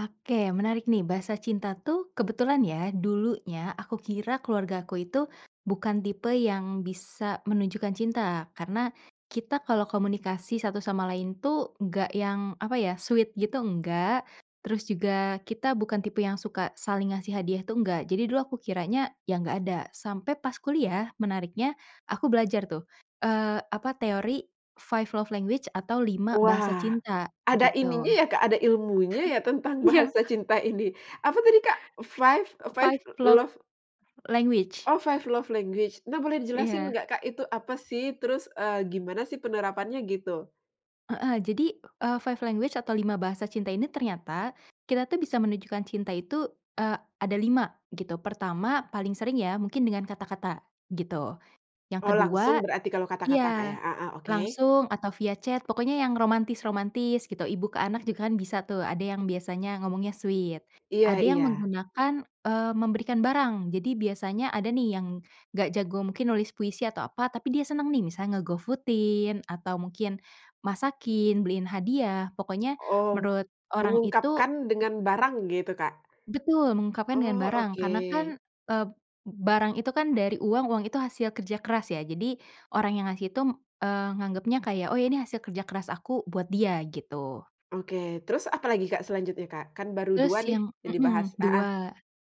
Oke. Menarik nih bahasa cinta tuh, kebetulan ya dulunya aku kira keluargaku itu bukan tipe yang bisa menunjukkan cinta, karena kita kalau komunikasi satu sama lain tuh nggak yang apa ya, sweet gitu nggak, terus juga kita bukan tipe yang suka saling ngasih hadiah tuh, nggak. Jadi dulu aku kiranya ya nggak ada. Sampai pas kuliah menariknya aku belajar tuh, eee, apa teori five love language atau 5 bahasa Wah, cinta, ada ininya gitu. ya Kak, ada ilmunya ya tentang Iya! bahasa cinta ini? Apa tadi, Kak? Flve e Eee, five five love love language. Oh, five love language. Nah, boleh dijelasin Iya. nggak Kak, itu apa sih terus, eee, gimana sih penerapannya gitu? Heeh. Jadi, eee, five language atau 5 bahasa cinta ini ternyata kita tuh bisa menunjukkan cinta itu, eee, ada 5, gitu. Pertama, paling sering ya mungkin dengan kata-kata, gitu. Yang Oh langsung ke-2 berarti kalau kata-kata Kak ya? iya. Heeh, oke. Langsung atau via chat pokoknya yang romantis-romantis gitu, ibu ke anak juga kan bisa tuh, ada yang biasanya ngomongnya sweet. Iya Ada yang iya. menggunakan, eee, memberikan barang. Jadi biasanya ada nih yang nggak jago mungkin nulis puisi atau apa, tapi dia seneng nih misalnya nge-GoFood-in atau mungkin masakin, beliin hadiah, pokoknya Oh, menurut orang itu mengungkapkan dengan barang gitu, Kak? Betul. Mengungkapkan dengan Oh, barang karena kan, oke. eee, barang itu kan dari uang, uang itu hasil kerja keras ya. Jadi orang yang ngasih itu, eee, nganggepnya kayak, oh ini hasil kerja keras aku buat dia, gitu. Oke. Terus apalagi Kak selanjutnya, Kak? Kan baru Terus, 2 nih yang yang dibahas, hmm heeh. 2.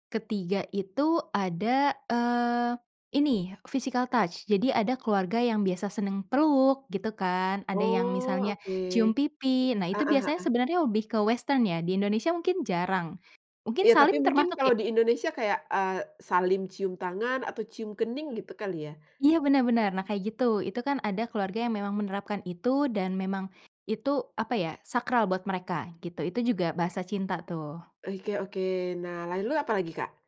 Ke-3 itu ada, eee, ini physical touch jadi ada keluarga yang biasa seneng peluk, gitu kan? Ada yang Oh misalnya oke. cium pipi, nah itu Heeh biasanya heeh. sebenarnya lebih ke western ya, di Indonesia mungkin jarang. Mungkin Iya, tapi salim mungkin termasuk ya? kalau di Indonesia kayak, eee, salim cium tangan atau cium kening gitu kali ya? Iya, bener-bener. Nah, kayak gitu. Itu kan ada keluarga yang memang menerapkan itu dan memang itu apa ya, sakral buat mereka, gitu. Itu juga bahasa cinta tuh. Oke oke. Nah, lalu apalagi, Kak?